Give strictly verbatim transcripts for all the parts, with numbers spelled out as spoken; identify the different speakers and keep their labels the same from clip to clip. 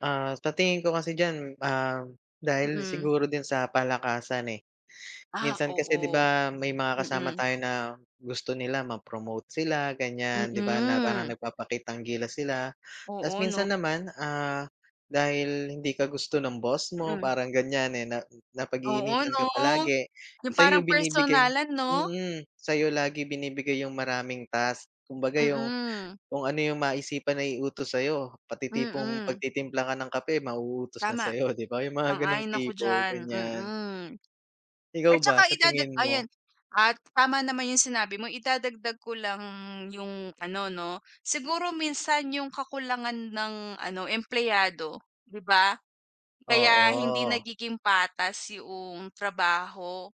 Speaker 1: Ah, sa tingin ko kasi diyan, ah, dahil
Speaker 2: Mm.
Speaker 1: siguro din sa palakasan, eh.
Speaker 2: Ah,
Speaker 1: Minsan kasi 'di
Speaker 2: oo.
Speaker 1: ba may mga kasama
Speaker 2: Mm.
Speaker 1: tayo na gusto nila ma-promote sila, ganyan, 'di ba, na parang
Speaker 2: Mm.
Speaker 1: nagpapakitang gilas sila. Tapos
Speaker 2: Oo 'no?
Speaker 1: minsan naman, ah, dahil hindi ka gusto ng boss mo
Speaker 2: Mm.
Speaker 1: parang ganyan, eh, na
Speaker 2: Oo
Speaker 1: napag-iinitan
Speaker 2: 'no?
Speaker 1: ka palagi,
Speaker 2: 'Yung parang
Speaker 1: sa'yo binibigay
Speaker 2: personalan 'no?
Speaker 1: mm. Sa'yo lagi binibigay yung maraming task. Kumbaga yung
Speaker 2: Mm.
Speaker 1: kung ano, yung maisipan na iutos sa'yo, pati tipong
Speaker 2: Mm.
Speaker 1: pagtitimpla ka ng kape mauutos na
Speaker 2: Tama.
Speaker 1: sa'yo, 'di ba? Yung mga gano'ng
Speaker 2: Sang-ayon ako
Speaker 1: tipo,
Speaker 2: diyan.
Speaker 1: ganyan.
Speaker 2: Mm. At
Speaker 1: Ikaw ba,
Speaker 2: tsaka
Speaker 1: sa
Speaker 2: idada
Speaker 1: tingin mo?
Speaker 2: ayan. At tama naman yung sinabi mo, idadagdag ko lang yung ano 'no, siguro minsan yung kakulangan ng ano, empleyado, 'di ba? Kaya hindi
Speaker 1: Oo.
Speaker 2: nagiging patas 'yong trabaho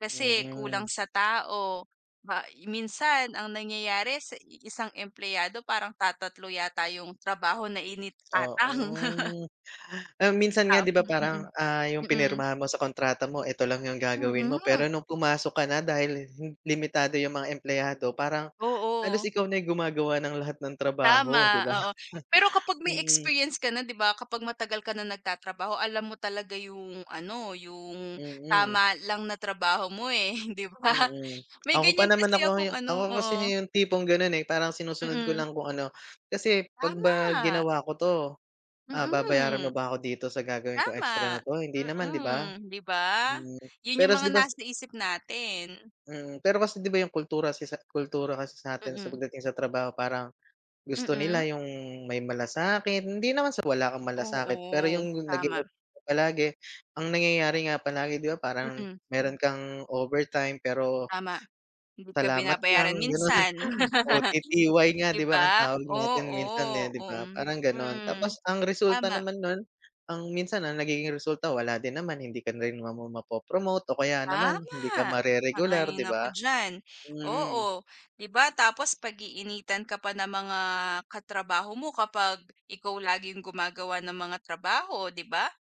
Speaker 2: kasi kulang
Speaker 1: Mm.
Speaker 2: sa tao. Ma minsan ang nangyayari sa iisang empleyado parang tatatlo yata yung trabaho na iniatang.
Speaker 1: Oo. Ah, minsan nga
Speaker 2: Tam
Speaker 1: 'di ba parang,
Speaker 2: mm.
Speaker 1: ah, yung
Speaker 2: Mm.
Speaker 1: pinirmahan mo sa kontrata mo 'eto lang yung gagawin mo,
Speaker 2: Mm.
Speaker 1: pero nung pumasok ka na dahil hin limitado yung mga empleyado parang halos
Speaker 2: Oo.
Speaker 1: ikaw na yung gumagawa ng lahat ng
Speaker 2: Tama.
Speaker 1: trabaho, 'di ba?
Speaker 2: Oo. Pero kapag may
Speaker 1: Mm.
Speaker 2: experience ka na 'di ba, kapag matagal ka na nagtatrabaho alam mo talaga yung ano, yung
Speaker 1: Mm.
Speaker 2: tama lang na trabaho mo, eh, 'di ba?
Speaker 1: Mm.
Speaker 2: May
Speaker 1: Ako pa
Speaker 2: ganyan
Speaker 1: naman ako
Speaker 2: kasi akong
Speaker 1: yung
Speaker 2: ano
Speaker 1: ako kasi
Speaker 2: oo.
Speaker 1: yung tipong ganun, eh, parang sinusunod ko
Speaker 2: Mm.
Speaker 1: lang kung ano. Kasi, "'Pag ba
Speaker 2: Tama.
Speaker 1: ginawa ko 'to, ah, babayaran
Speaker 2: Mm.
Speaker 1: mo ba ako dito sa gagawin kong extra
Speaker 2: Tama.
Speaker 1: na 'to, hindi naman, 'di ba?"
Speaker 2: Mm. 'Di ba?
Speaker 1: Mm.
Speaker 2: Yun
Speaker 1: Pero
Speaker 2: yung
Speaker 1: kas
Speaker 2: mga
Speaker 1: 'di ba.
Speaker 2: nasa isip natin.
Speaker 1: Mm. Pero kasi 'di ba yung kultura sa isa kultura kasi sa'tin sa
Speaker 2: Mm.
Speaker 1: pagdating sa trabaho parang gusto
Speaker 2: Mm.
Speaker 1: nila yung may malasakit, hindi naman sa wala kang malasakit, pero
Speaker 2: Oo.
Speaker 1: yung naging
Speaker 2: Tama.
Speaker 1: [unintelligible] palagi, ang nangyayari nga palagi 'di ba parang
Speaker 2: Mm.
Speaker 1: meron kang overtime, pero
Speaker 2: Tama. Hindi ka
Speaker 1: Salamat lang,
Speaker 2: binabayaran
Speaker 1: gano'n.
Speaker 2: minsan.
Speaker 1: O-T-T-Y nga
Speaker 2: 'Di
Speaker 1: 'di ba ang
Speaker 2: ba?
Speaker 1: tawag natin minsan,
Speaker 2: Oo.
Speaker 1: eh, 'di ba?
Speaker 2: Mm.
Speaker 1: Parang gano'n.
Speaker 2: Mm.
Speaker 1: Tapos ang resulta
Speaker 2: Tama.
Speaker 1: naman nun, ang minsan ang nagiging resulta wala din naman, hindi ka rin naman mapo-promote o kaya naman hindi ka
Speaker 2: Tama.
Speaker 1: mare-regular,
Speaker 2: Sang-ayon
Speaker 1: 'di
Speaker 2: ako
Speaker 1: ba?
Speaker 2: diyan.
Speaker 1: Mm.
Speaker 2: Oo. 'Di ba tapos pag-iinitan ka pa ng mga katrabaho mo kapag ikaw laging gumagawa ng mga trabaho, 'di ba?